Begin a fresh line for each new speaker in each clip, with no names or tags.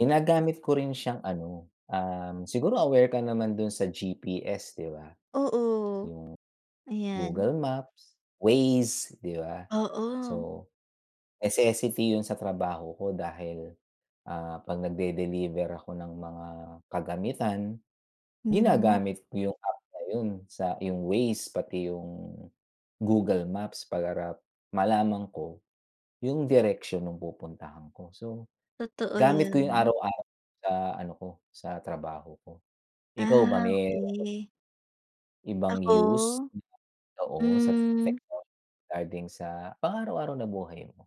Ginagamit ko rin siyang ano, um siguro aware ka naman doon sa GPS, di ba?
Oo.
Yung
Ayan.
Google Maps, Waze, di ba?
Oo.
So, necessity 'yon sa trabaho ko dahil, ah, 'pag nagde-deliver ako ng mga kagamitan
'Yon nga.
ginagamit ko yung app na 'yon sa yung Waze pati yung Google Maps para malaman ko yung direksyon nung pupuntahan ko. So,
Totoo
gamit ko 'yon
'yan.
araw-araw sa ano ko, sa trabaho ko. Ikaw ba,
Ah,
me
okey.
Ibang use,
Ako?
oo sa
Hmm.
technology, regarding sa pang-araw-araw na buhay mo?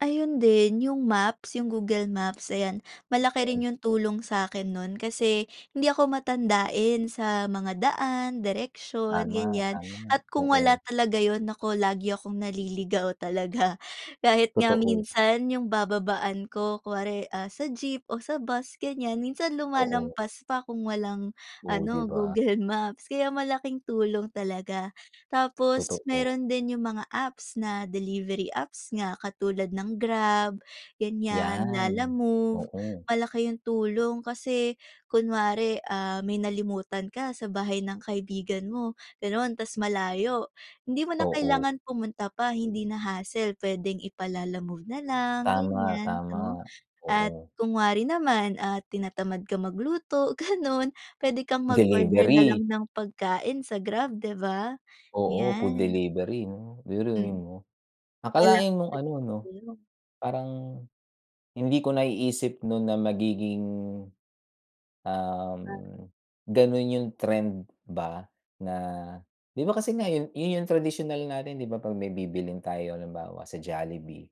Ayun din, yung maps, yung Google Maps, ayan. Malaki rin yung tulong sa'kin no'n kasi hindi ako matandain sa mga daan, direksyon,
Tama,
ganyan.
tama.
At kung
Oo.
wala talaga 'yon, naku, lagi akong naliligaw talaga. Kahit nga
Totoo.
minsan, yung bababaan ko, kunwari, ah, sa jeep o sa bus, ganyan, minsan
Oo.
lumalampas pa kung walang
Ooh, di
ano,
ba?
Google Maps. Kaya malaking tulong talaga. Tapos
Totoo.
meron din yung mga apps na delivery apps nga, katulad ng Grab, ganyan,
Yan.
Lalamove.
Oo.
Malaki yung tulong kasi, kunwari, ah, may nalimutan ka sa bahay ng kaibigan mo, ganoon, tapos malayo. Hindi mo na
Oo.
kailangan pumunta pa, hindi na hassle, pwedeng ipa-Lalamove na lang,
Tama,
ganyan, 'no?
tama.
At
Oo.
kunwari naman, ah, tinatamad ka magluto, ganoon, puwede kang mag-order na
Delivery.
lang ng pagkain sa Grab, di ba?
Oo, food
Yan.
delivery 'no, biruin
Mm.
mo.
Lalapit
Akalain mong ano 'no,
sayo.
parang, hindi ko naiisip noon na magiging,
'Di
um,
ba?
ganoon yung trend ba na di ba kasi ngayon 'yon yung tradisyonal natin, di ba? 'Pag may bibilhin tayo, halimbawa, sa Jollibee.